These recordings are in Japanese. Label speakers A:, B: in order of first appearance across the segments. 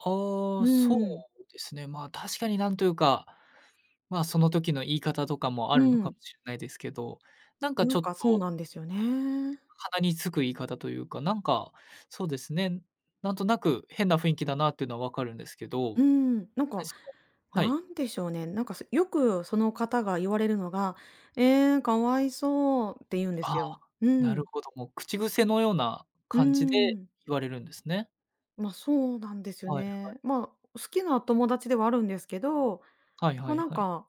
A: あ
B: う
A: あ、
B: ー
A: そ
B: ん。
A: うですね。まあ、確かになんというか、まあ、その時の言い方とかもあ
B: う
A: るのか
B: ん。
A: もしれないですけど、なんか
B: な
A: ち
B: ん
A: ょっ
B: かそう
A: と
B: なんですよね。
A: 鼻につく言い方というか、なんかそうですね。なんとなく変な雰囲気だなっていうのは分かるんですけど。
B: うん、なん
A: で、
B: か、
A: そのはい。
B: なんでしょうね。なんか、せよくその方が言われるのが「ええ、かわいそう」って言うんで
A: ああ、
B: すよ。う
A: なる
B: ん。
A: ほど、もう口癖のような
B: うー
A: 感じで
B: ん。
A: 言われるんですね。
B: ま、そうなんですよ
A: はいはい。
B: ね。まあ、お好きな友達ではあるんですけど、
A: はいは
B: ま、
A: い
B: なん
A: はい。
B: か、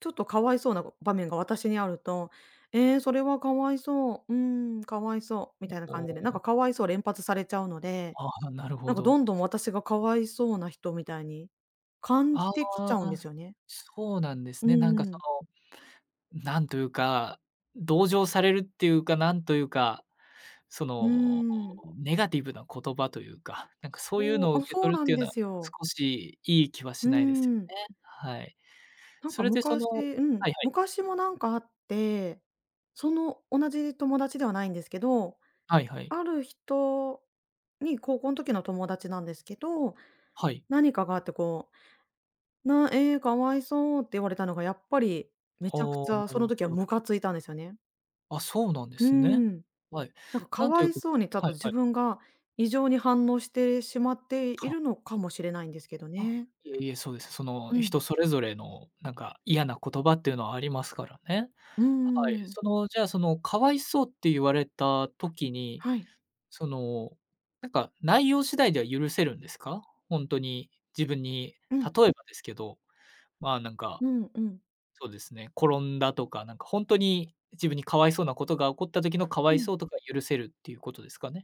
B: ちょっとかわいそうなご場面が私にあると、ええ、それはかわいそう、うーん、かわいそう。みたいな
A: お
B: 感
A: お
B: じで、なん
A: お。
B: かかわいそう連発されちゃうので、
A: ああ、なる
B: な
A: ほ
B: んかど
A: ど。
B: んどん私がかわいそうな人みたいに感
A: あ
B: じてきちゃうん
A: あ、
B: ですよね。
A: そうなんで
B: う
A: すね。なん
B: ー
A: かそ
B: ん。
A: の、なんというか、ん、同情されるっていうか、なんというか。そ
B: うー
A: の、
B: ん。
A: ネガティブな言葉というか、なんかそういう
B: そう。
A: のを
B: あ、
A: 受け
B: そう
A: 取るっ
B: な
A: て
B: ん
A: いうの
B: で
A: は
B: すよ。
A: 少しいい気は
B: うー
A: しないです
B: ん。
A: よね。はい。
B: なん
A: そ
B: か
A: れでそ
B: 昔
A: のは
B: うん。
A: いはい。
B: 昔もなんかあって、その同じ友達ではないんですけど、
A: はいはい。
B: ある人に高校の時の友達なんですけど、
A: はい。
B: 何かがあってこう、「なええ、かわいそう」って言われたのがやっぱり、め
A: あ
B: ちゃくち
A: あ、
B: ゃ
A: な
B: そ
A: る
B: の
A: ほ
B: 時は
A: ど。
B: ムカついたんですよね。
A: あ、そうなんで
B: うー
A: すね。
B: ん。
A: はい。
B: なんかか
A: なんとい
B: わ
A: う
B: い
A: く
B: そ
A: す
B: うにちょっ
A: はい
B: と
A: は
B: 自
A: い。
B: 分が異常に反応してしまってい
A: は。
B: るのかもしれないんですけど
A: あ、
B: ね。
A: いえいえ、そうです。その、
B: うん。
A: 人それぞれのなんか嫌な言葉っていうのはありますからね。
B: うー
A: はい。
B: ん。
A: そのじゃあ、その「かわいそう」って言われた時に、
B: はい。
A: そのなんか内容次第では許せるんですか？ほんとに、自分に。
B: う
A: 例
B: ん。
A: えばですけど、まあなんか、
B: うんうん。
A: そうですね。転んだとか、なんかほんとに、自分にかわいそうなことが起こった時のかわ
B: う
A: い
B: ん。
A: そうとか、許せるっていうことですかね？